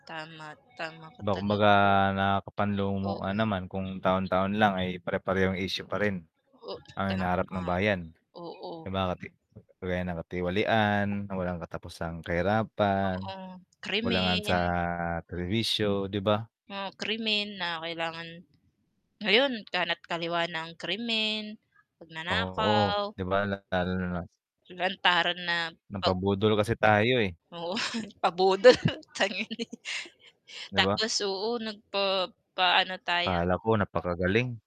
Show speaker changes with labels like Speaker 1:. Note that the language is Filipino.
Speaker 1: Tama, tama ka
Speaker 2: 'Ba kumbaga
Speaker 1: talaga dun.
Speaker 2: nakakapanlumo nga
Speaker 1: Oo.
Speaker 2: naman kung taon-taon lang ay pare-parehong issue pa rin,
Speaker 1: Oo,
Speaker 2: ang
Speaker 1: tama.
Speaker 2: hinaharap ng bayan. 'Di
Speaker 1: Oo.
Speaker 2: ba kasi kagaya ng katiwalian na walang katapusang kahirapan,
Speaker 1: Oo,
Speaker 2: kakulangan sa
Speaker 1: krimen
Speaker 2: serbisyo 'di ba?
Speaker 1: oh, krimen na kailangan ngayon kana't kaliwa na ang krimen,
Speaker 2: Oo
Speaker 1: pagnanakaw
Speaker 2: 'di ba lalong-lalo na na
Speaker 1: lantaran na pag
Speaker 2: nagpabudol
Speaker 1: ah
Speaker 2: kasi tayo eh.
Speaker 1: oo, pa-budol [unintelligible]
Speaker 2: 'Di ba?
Speaker 1: tapos oo nagpapa-ano tayo
Speaker 2: Akala ko napakagaling.